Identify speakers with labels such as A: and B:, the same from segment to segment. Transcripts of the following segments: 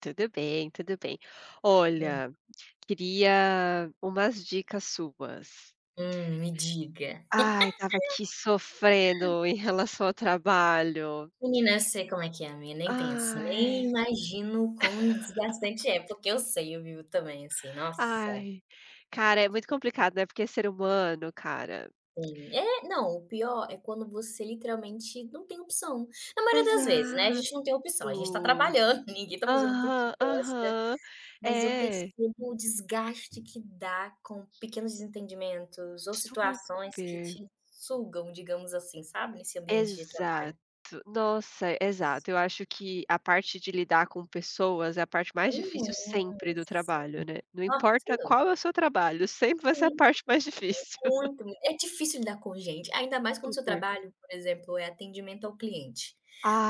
A: Tudo bem, tudo bem.
B: Hum.
A: Olha, queria umas dicas suas.
B: Hum, me diga.
A: Ai, tava aqui sofrendo em relação ao trabalho.
B: Menina, sei como é que é, amiga, nem penso, nem
A: Ai.
B: imagino quão desgastante é. Porque eu sei, eu vivo também assim, nossa.
A: Ai, cara, é muito complicado, né, porque ser humano, cara.
B: Sim, é, não. O pior é quando você literalmente não tem opção. Na maioria das vezes, né, a gente
A: Exato.
B: não tem opção, a gente tá trabalhando, ninguém tá fazendo porque
A: Aham,
B: gosta,
A: aham,
B: mas eu
A: é.
B: percebo o desgaste que dá com pequenos desentendimentos ou
A: Super.
B: situações que te sugam, digamos assim, sabe, nesse ambiente de
A: Exato.
B: trabalho.
A: Nossa,
B: Isso.
A: exato. Eu acho que a parte de lidar com pessoas é a parte mais difícil
B: Uhum,
A: sempre do
B: sim,
A: trabalho, né, não
B: no
A: importa
B: tudo.
A: qual é o seu trabalho, sempre vai ser a
B: Sim.
A: parte mais difícil.
B: Muito me é difícil lidar com gente, ainda mais quando o seu
A: Super.
B: trabalho, por exemplo, é atendimento ao cliente.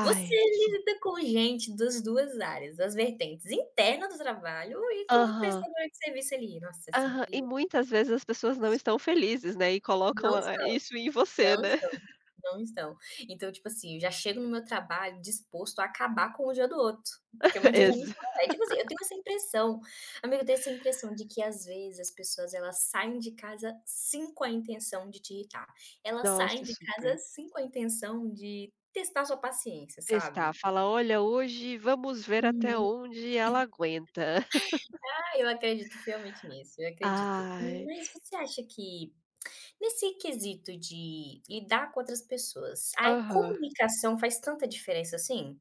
B: Você
A: s
B: lida com gente das 2 áreas, das vertentes interna do trabalho e como
A: Aham.
B: prestadora de serviço ali. Nossa, é
A: Aham,
B: sempre
A: e muitas vezes as pessoas não
B: Isso
A: estão felizes, né, e colocam
B: Não
A: a
B: estão,
A: isso em você,
B: não
A: né.
B: estão, não estão. Então, tipo assim, eu já chego no meu trabalho disposto a acabar com o dia do outro, porque meu dia já não
A: Exa
B: está leve, é tipo assim, eu tenho essa impressão. Amiga, eu tenho essa impressão de que às vezes as pessoas elas saem de casa sim, com a intenção de te irritar. Elas saem
A: Nossa,
B: de casa
A: super.
B: sim com a intenção de testar sua paciência,
A: Testar,
B: sabe?
A: fala: "Olha, hoje vamos ver
B: Uhum.
A: até onde ela aguenta."
B: Ah, eu acredito fielmente nisso, eu acredito.
A: Ai
B: Mas você acha que nesse quesito de lidar com outras pessoas, a
A: Aham.
B: comunicação faz tanta diferença assim?